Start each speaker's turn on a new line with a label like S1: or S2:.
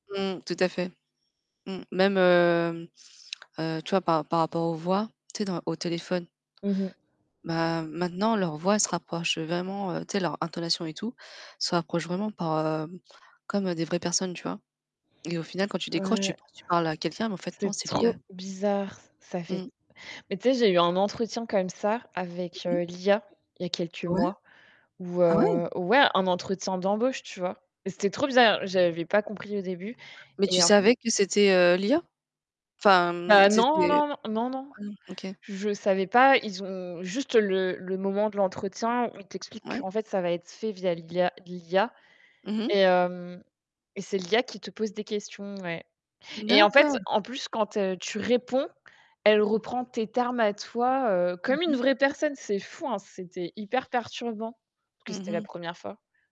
S1: Mmh. Tout à fait. Mmh. Même, hem heu, tu vois, par ra par rapport aux voix, tu sais, dans au téléphone?
S2: Mmh mh.
S1: Bah maintenant leur voix elle se rapproche, heu, vraiment, heu tu sais leur intonation et tout, se rapproche vraiment par, heu comme des vraies personnes, tu vois? Et au final quand tu décroches tu
S2: Ouais.
S1: penses tu parles à quelqu'un mais en fait non
S2: C'est
S1: c'est
S2: trop
S1: l'IA.
S2: bizarre, ç ça fait
S1: Mmh.
S2: mais tu sais, j'ai eu un entretien comme ça avec,
S1: Mmh
S2: heu,
S1: mh.
S2: l'IA. Il y a quelques
S1: Ouais?
S2: mois. Où
S1: Ah, ouais!
S2: heu ouais, un entretien d'embauche, tu vois? Mais c'était trop bizarre, j'avais pas compris au début,
S1: Mais tu
S2: et en p
S1: savais que c'était, heu, l'IA? Enfin, mmh,
S2: Bah non,
S1: c'était
S2: non, non. N non, non.
S1: mmh, OK.
S2: Je savais pas, ils ont juste le le moment de l'entretien où ils t'expliquent
S1: Ouais.
S2: qu'en fait, ça va être fait via l'IA l'IA
S1: Mmh mh.
S2: et heu et c'est l'IA qui te pose des questions, ouais. Et en fait,
S1: D'accord.
S2: en plus, quand te tu réponds, elle reprend tes termes à toi, heu,
S1: Mmh
S2: comme une
S1: mh.
S2: vraie personne, c'est fou, hein! C'était hyper perturbant. Parce que
S1: Mmh
S2: c'était la
S1: mh.
S2: 1re fois.